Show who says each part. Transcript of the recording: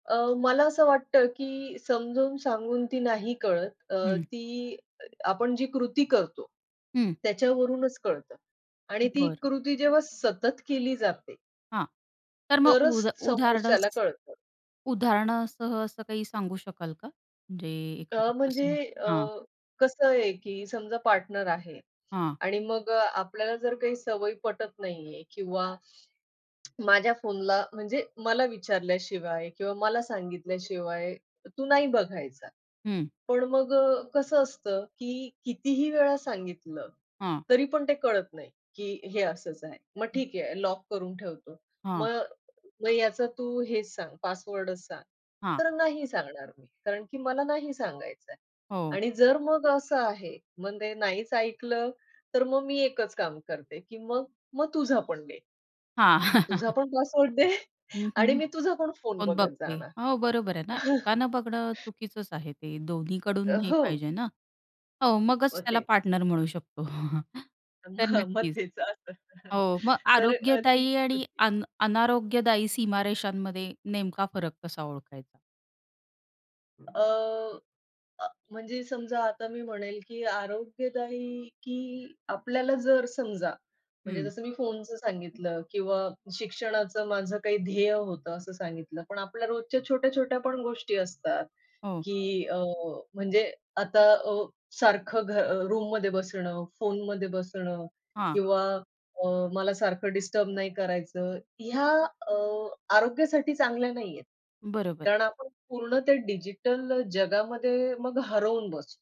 Speaker 1: अ, मला असं वाटतं, की समजून, सांगून ती नाही कळत. अ,
Speaker 2: हं.
Speaker 1: ती अ आपण जी कृती करतो.
Speaker 2: हं.
Speaker 1: त्याच्यावरूनच कळतं. आणि ती
Speaker 2: बरं.
Speaker 1: कृती जेव्हा सतत केली जाते
Speaker 2: हां. तर मग
Speaker 1: तरच
Speaker 2: उदा उदाहरण
Speaker 1: समोरच्याला कळतं.
Speaker 2: उदाहरणासह असं काही सांगू शकाल का? म्हणजे एखादा
Speaker 1: अ, म्हणजे
Speaker 2: प्रसंग
Speaker 1: अ,
Speaker 2: हां.
Speaker 1: कसं आहे की समजा पार्टनर आहे
Speaker 2: हां.
Speaker 1: आणि मग अ, आपल्याला जर काही सवय पटत नाही आहे किंवा माझ्या फोनला म्हणजे मला विचारल्याशिवाय किंवा मला सांगितल्याशिवाय तू नाही बघायचा.
Speaker 2: हं.
Speaker 1: पण मग अ, कसं असतं, की कितीही वेळा सांगितलं,
Speaker 2: हां.
Speaker 1: तरी पण ते कळत नाही, की हे असंच आहे. मग
Speaker 2: हं.
Speaker 1: ठीक आहे लॉक करून ठेवतो.
Speaker 2: हां.
Speaker 1: मग, मग याचा तू हेच सांग, पासवर्डच सांग.
Speaker 2: हां.
Speaker 1: तर नाही सांगणार मी. कारण की मला नाही सांगायच आहे.
Speaker 2: हो.
Speaker 1: आणि जर मग असं आहे, मग ते नाहीच ऐकलं, तर मग मी एकच काम करते की मग, मग तुझा पण दे.
Speaker 2: हां.
Speaker 1: तुझा पण पासवर्ड दे आणि
Speaker 2: [unintelligible]
Speaker 1: मी तुझा पण फोन
Speaker 2: फोन
Speaker 1: बघत
Speaker 2: बघते.
Speaker 1: जाणार.
Speaker 2: हो बरोबर आहे ना, एकानं बघणं चुकीचंच आहे ते, दोन्ही कडून
Speaker 1: अ,
Speaker 2: हे
Speaker 1: हो.
Speaker 2: पाहिजे ना. हो मगच
Speaker 1: मग
Speaker 2: त्याला
Speaker 1: तेच.
Speaker 2: पार्टनर म्हणू शकतो.
Speaker 1: अ,
Speaker 2: तर
Speaker 1: हं.मग
Speaker 2: नक्कीच.
Speaker 1: तेच असतं.
Speaker 2: हो, मग
Speaker 1: तर अ, ती
Speaker 2: आरोग्यदायी आणि
Speaker 1: कृती
Speaker 2: अन अनारोग्यदायी सीमारेषांमध्ये नेमका फरक कसा ओळखायचा?
Speaker 1: अ, अ, म्हणजे समजा आता मी म्हणेल, की आरोग्यदायी की आपल्याला जर समजा, म्हणजे
Speaker 2: हं.
Speaker 1: जसं मी फोनचं सांगितलं किंवा शिक्षणाचं माझं काही ध्येय होतं असं सांगितलं. पण आपल्या रोजच्या छोट्या-छोट्या पण गोष्टी असतात.
Speaker 2: हो.
Speaker 1: की अ, म्हणजे आता अ, सारखं घ अ, रूममध्ये बसणं, फोनमध्ये बसणं
Speaker 2: हां.
Speaker 1: किंवा अ, मला सारखं डिस्टर्ब नाही करायचं, ह्या अ, आरोग्यासाठी चांगल्या नाहीयेत.
Speaker 2: बरोबर.
Speaker 1: कारण आपण पूर्ण ते डिजिटल जगामध्ये मग हरवून बसतो.